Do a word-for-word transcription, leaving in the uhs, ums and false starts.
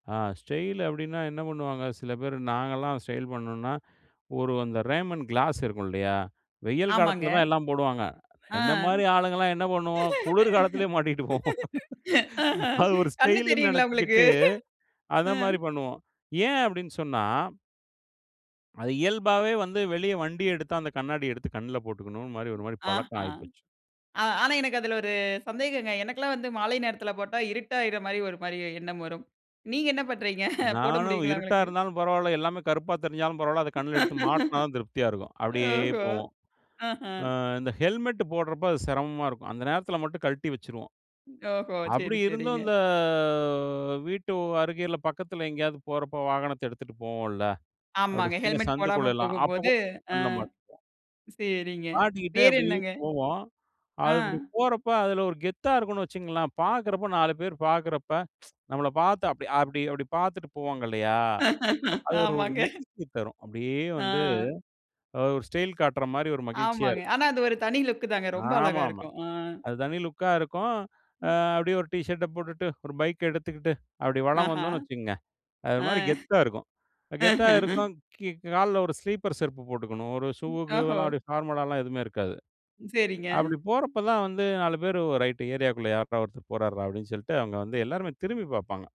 ஆ style அப்டின்னா, என்ன பண்ணுவாங்க சில பேர் நாங்கலாம் ஸ்டைல் பண்ணணோம்னா, ஒரு அந்த ரேமன் கிளாஸ் இருக்கும் இல்லையா, வெயில் ஆமாங்க. காலத்தில தான் எல்லாம் போடுவாங்க. ஆ என்னை மாரி ஆளுங்கலாம் என்ன பண்ணுவோம் குளிர் காலத்திலயே மாட்டிகிட்டு போவோம். ஆஹ. அது ஒரு கண்ணு ஸ்டைல்னு தெரியுங்களா உங்களுக்கு? நெனைச்சுக்கிட்டு அந்த அ. மாதிரி பண்ணுவோம். ஏன் அப்டின்னு சொன்னா அது இயல்பாவே வந்து வெளிய வண்டியை எடுத்து அந்த கண்ணாடியை எடுத்து கண்ணுல போட்டுக்கணும்னு மாரி, ஒரு மாரி ஆஹ பழக்கம் ஆ ஆயிப்போச்சு. ஆனா, எனக்கு அதில ஒரு சந்தேகங்க. எனக்கெல்லாம் வந்து மாலை நேரத்தில போட்டா இருட்டாகற மாரி ஒரு மாரி எண்ணம் வரும். நீங்க என்ன பண்றீங்க, போட நானும் முடியுங்களா இருட்டா உங்களுக்கு? இருந்தாலும் பரவால. எல்லாமே கருப்பா தெரிஞ்சாலும் பரவால. அத கண்ல எடுத்து மாட்டுனா தான் திருப்தியா இருக்கும். அப்டியே ஓஹோ! போவோம். ஆஹ. அ இந்த ஹெல்மெட் போடுறப்ப அது சிரமமா இருக்கும். அந்த நேரத்தில மட்டும் கழட்டி வச்சுருவோம். ஓஹோ, அப்டி சரி, இருந்தும் சரிங்க. இந்த வீட்டு அருகையில பக்கத்தில எங்கேயாவது போறப்ப வாகனத்து எடுத்துட்டு போவோம்ல, அப்டி ஆமாங்க. சின்ன ஹெல்மெட் போடாம சந்துக்குள்ளலாம் அப்போ போகும்போது, கூட ஆ கண்ல மாட்டிப்போம். சரிங்க மாட்டிக்கிட்டே வேற அப்டியே என்னங்க? போவோம். அ. அது இப்டி போறப்ப அதில ஒரு கெத்தா இருக்கும்னு வச்சுங்களேன். பார்க்குறப்போ நாலு பேர் பார்க்குறப்ப நம்மள பார்த்து அப்டி அப்டி அப்டி பார்த்துட்டு போவாங்க இல்லையா. அது ஒரு ஆமாங்க. மகிழ்ச்சி தரும். அப்டியே வந்து ஆ. ஒரு ஸ்டைல் காட்டுற மாரி ஒரு மகிழ்ச்சியா ஆமாங்க. இருக்கும். ஆனா அது ஒரு தனி லுக் தாங்க, ரொம்ப அழகா ஆமாமா. இருக்கும். அ. அது தனி லுக்கா இருக்கும். ஆ அப்படியே ஒரு டீ ஷர்ட்ட போட்டுட்டு, ஒரு பைக்கை எடுத்துக்கிட்டு, அப்படி வலம் ஆஹா, வந்தோம்னு வச்சுக்கோங்க, அது ஒரு ஆ மாரி கெத்தா இருக்கும் கெத்தா இருக்கும். கீ கால்ல ஒரு ஸ்லீப்பர் செருப்பு போட்டுக்கணும். ஒரு ஷூ ஓஹோ! கீவெல்லாம் அப்டி ஃபார்மலாலாம் எதுவுமே இருக்காது. சரிங்க. அப்டி போறப்ப தான் வந்து நாலு பேர் "ரைட் ஏரியாக்குள்ள யார்றா ஒருத்தர் போறாருரா" அப்டின்னு சொல்லிட்டு, அவங்க வந்து எல்லாருமே திரும்பி பார்ப்பாங்க.